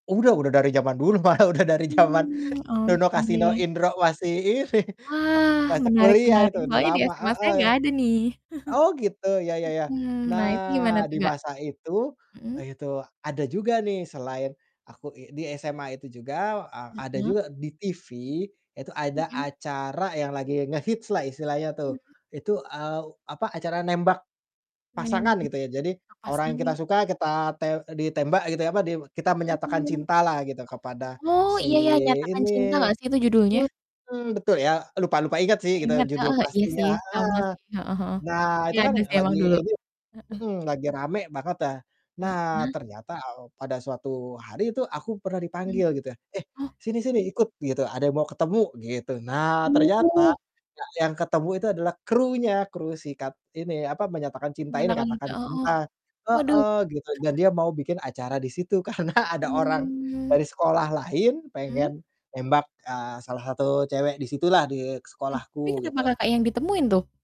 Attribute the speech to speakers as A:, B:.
A: Udah udah dari zaman dulu malah udah dari zaman
B: Mmm,
A: Dono, Kasino,
B: oke.
A: Indro masih ini,
B: Wah,
A: masih
B: menarik
A: kuliah
B: menarik,
A: itu udah
B: soalnya di
A: lama,
B: SMA saya
A: heeh.
B: gak ada nih.
A: Oh, gitu ya ya ya,
B: Mhm, nah itu gimana
A: nah
B: tuh,
A: di
B: Kak?
A: masa itu, ah
B: Mhm.
A: itu ada juga nih selain aku i di SMA itu juga a ada
B: Mhm.
A: juga di TV itu ada
B: Mhm.
A: acara yang lagi ngehits lah istilahnya tuh.
B: Mhm.
A: Itu, eee, apa, acara nembak
B: Nemenin,
A: pasangan gitu ya, jadi
B: Oh
A: orang yang kita
B: pasangain.
A: suka kita te eee, ditembak gitu ya, apa, kita
B: Oh.
A: menyatakan
B: Oh.
A: cinta lah gitu kepada
B: Oh
A: si
B: iya iya, Nyatakan Cinta
A: ini
B: gak sih itu judulnya?
A: mhm, betul ya, lupa-lupa inget
B: Gak
A: sih kita
B: inget,
A: judul
B: heeh, iya
A: pastinya
B: sih sama
A: heeh,
B: sih, heeh heeh,
A: nah itu
B: iya
A: kan
B: ada sih emang
A: lagi
B: dulu,
A: ini
B: heeh.
A: mhm, lagi rame banget ya. Nah
B: Heeh.
A: ternyata, eee, pada suatu hari itu aku pernah
B: Hmm,
A: dipanggil gitu ya, "Eh
B: oh.
A: sini-sini ikut" gitu, "ada yang mau ketemu," gitu. Nah ternyata
B: Oh
A: ya yang ketemu itu adalah krunya, kru sikat ini apa, menyatakan cinta ini,
B: Nyatakan Cinta,
A: Katakan
B: oh.
A: Cinta,
B: Waduh.
A: heeh, gitu dan dia mau bikin acara di situ karena ada orang
B: Hmm.
A: dari sekolah lain
B: Hmm.
A: pengen nembak, eee, salah satu cewek di situlah, di
B: Ah, tapi
A: sekolahku
B: kenapa,
A: gitu.
B: Kakak, yang ditemuin tuh?